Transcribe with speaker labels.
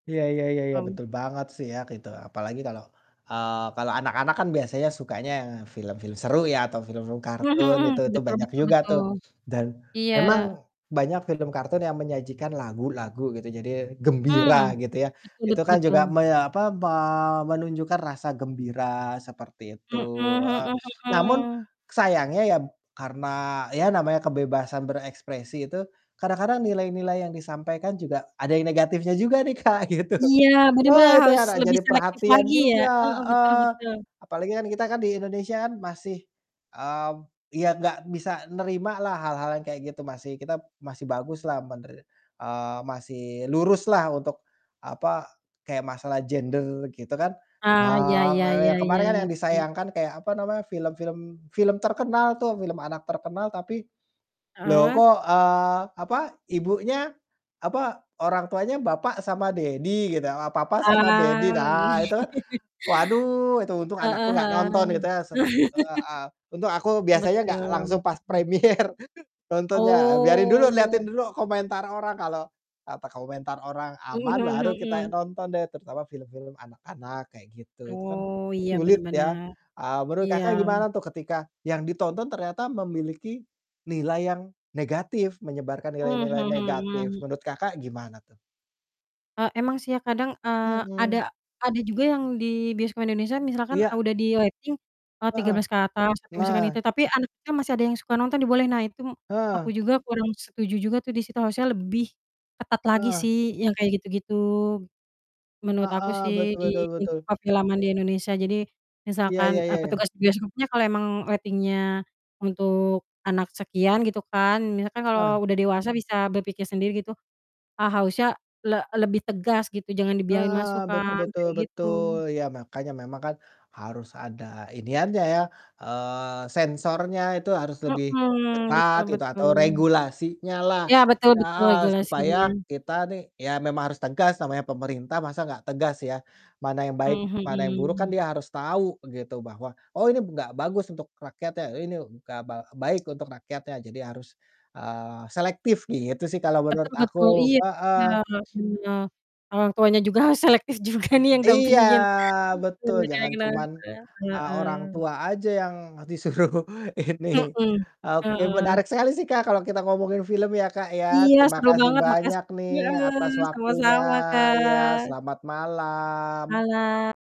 Speaker 1: Iya iya iya iya,
Speaker 2: Mmm.
Speaker 1: betul banget sih ya gitu. Apalagi kalau, eee, kalau anak-anak kan biasanya sukanya film-film seru ya atau film-film
Speaker 2: Mhm
Speaker 1: kartun itu
Speaker 2: mhm.
Speaker 1: itu
Speaker 2: Betul
Speaker 1: banyak
Speaker 2: betul
Speaker 1: juga tuh,
Speaker 2: betul.
Speaker 1: dan
Speaker 2: Iya.
Speaker 1: memang banyak film kartun yang menyajikan lagu-lagu gitu jadi gembira
Speaker 2: Mmm,
Speaker 1: gitu ya.
Speaker 2: betul
Speaker 1: Itu
Speaker 2: betul
Speaker 1: kan juga
Speaker 2: betul.
Speaker 1: meya apa, me menunjukkan rasa gembira seperti itu
Speaker 2: Mhm
Speaker 1: heeh.
Speaker 2: mhm
Speaker 1: Namun
Speaker 2: mhm.
Speaker 1: sayangnya ya karena ya namanya kebebasan berekspresi itu, kadang-kadang nilai-nilai yang disampaikan juga ada negatifnya juga nih Kak, gitu.
Speaker 2: Iya, bener
Speaker 1: Wah,
Speaker 2: bener,
Speaker 1: itu
Speaker 2: harus
Speaker 1: anak
Speaker 2: lebih
Speaker 1: jadi
Speaker 2: selektif
Speaker 1: perhatian
Speaker 2: lagi ya?
Speaker 1: juga
Speaker 2: Heeh, betul
Speaker 1: heeh,
Speaker 2: betul.
Speaker 1: apalagi kan kita kan di Indonesia kan masih, mmm, iya nggak bisa nerimalah hal-hal yang kayak gitu, masih kita masih baguslah mener eee, masih luruslah untuk, apa, kayak masalah gender gitu kan.
Speaker 2: Ah, iya iya iya
Speaker 1: Ha [unintelligible]
Speaker 2: iya,
Speaker 1: kemarin kan yang
Speaker 2: ngerti.
Speaker 1: disayangkan kayak, apa namanya, film film film terkenal tuh film anak terkenal tapi, loh
Speaker 2: Heeh?
Speaker 1: kok, eee, apa, ibunya, apa orang tuanya bapak sama daddy gitu, papa sama daddy,
Speaker 2: Ah,
Speaker 1: nah
Speaker 2: wih.
Speaker 1: itu kan, waduh itu untung anakku
Speaker 2: Heeh
Speaker 1: gak nonton gitu
Speaker 2: heeh.
Speaker 1: yah su heeh, untung aku biasanya gak
Speaker 2: Betul,
Speaker 1: langsung pas
Speaker 2: mhm.
Speaker 1: premiere nontonnya. Biarin dulu, liatin
Speaker 2: Oh.
Speaker 1: dulu komentar orang kalau, apa komentar orang
Speaker 2: Mhm
Speaker 1: aman
Speaker 2: mhm
Speaker 1: baru kita
Speaker 2: mhm.
Speaker 1: nonton deh, terutama film-film anak-anak kayak gitu, itu kan
Speaker 2: Oh, iya bener
Speaker 1: sulit ya,
Speaker 2: bener.
Speaker 1: eee, menurut
Speaker 2: Iya.
Speaker 1: Kakak gimana tuh ketika yang ditonton ternyata memiliki nilai yang negatif, menyebarkan
Speaker 2: Mhm
Speaker 1: nilai-nilai negatif,
Speaker 2: mhm.
Speaker 1: menurut Kakak gimana tuh?
Speaker 2: E emang sih ya kadang, eee,
Speaker 1: Mhm.
Speaker 2: ada ada juga yang di bioskop Indonesia misalkan, a
Speaker 1: Iya.
Speaker 2: udah di rating, eee, tiga
Speaker 1: Heeh,
Speaker 2: belas ke atas atau misalkan
Speaker 1: nah.
Speaker 2: itu, tapi anaknya masih ada yang suka nonton dibolehin. Nah, itu m aku
Speaker 1: Eh.
Speaker 2: juga kurang setuju juga tuh di situ, harusnya lebih ketat lagi
Speaker 1: Heeh.
Speaker 2: sih yang kayak gitu-gitu, gitu. Menurut aku
Speaker 1: Heeh,
Speaker 2: sih
Speaker 1: betul
Speaker 2: di
Speaker 1: betul betul.
Speaker 2: untuk per filman di Indonesia. Jadi
Speaker 1: Iya iya
Speaker 2: misalkan, eee,
Speaker 1: iya iya.
Speaker 2: petugas bioskopnya kalau emang rating-nya untuk anak sekian gitu kan, misalkan
Speaker 1: Ah.
Speaker 2: kalau udah dewasa bisa berpikir sendiri gitu, ha harusnya le lebih tegas gitu jangan dibiarin
Speaker 1: Heeh,
Speaker 2: masuk
Speaker 1: betul
Speaker 2: kan,
Speaker 1: betul
Speaker 2: kayak
Speaker 1: betul,
Speaker 2: gitu.
Speaker 1: ya makanya memang kan harus ada iniannya ya, eee, sensornya itu harus lebih
Speaker 2: Heeh,
Speaker 1: ketat
Speaker 2: betul
Speaker 1: gitu, atau
Speaker 2: betul.
Speaker 1: regulasinyalah
Speaker 2: Iya betul betul,
Speaker 1: heeh, supaya
Speaker 2: regulasinya.
Speaker 1: kita nih ya memang harus tegas namanya pemerintah masa nggak tegas ya. Mana yang baik,
Speaker 2: Mmm,
Speaker 1: mana yang buruk, kan
Speaker 2: mhm.
Speaker 1: dia harus tahu gitu bahwa, "Oh ini nggak bagus untuk rakyatnya, ini nggak ba baik untuk rakyatnya," jadi harus, eee, selektif gitu sih kalau menurut
Speaker 2: Betul
Speaker 1: aku.
Speaker 2: betul, iya itu dia,
Speaker 1: Heeh.
Speaker 2: iya. Orang tuanya juga harus selektif juga nih yang
Speaker 1: Iya,
Speaker 2: dampingin.
Speaker 1: betul, jangan cuman,
Speaker 2: [unintelligible]
Speaker 1: eee, orang
Speaker 2: Heeh.
Speaker 1: tua aja yang disuruh ini
Speaker 2: Mhm,
Speaker 1: oke
Speaker 2: heeh.
Speaker 1: menarik sekali sih Kak, kalo kita ngomongin film ya Kak ya.
Speaker 2: Iya
Speaker 1: Terima
Speaker 2: seru
Speaker 1: kasih
Speaker 2: banget, makasi
Speaker 1: banyak nih atas
Speaker 2: heeh, sama
Speaker 1: waktunya,
Speaker 2: sama
Speaker 1: iya
Speaker 2: Kak.
Speaker 1: selamat malam.
Speaker 2: Mala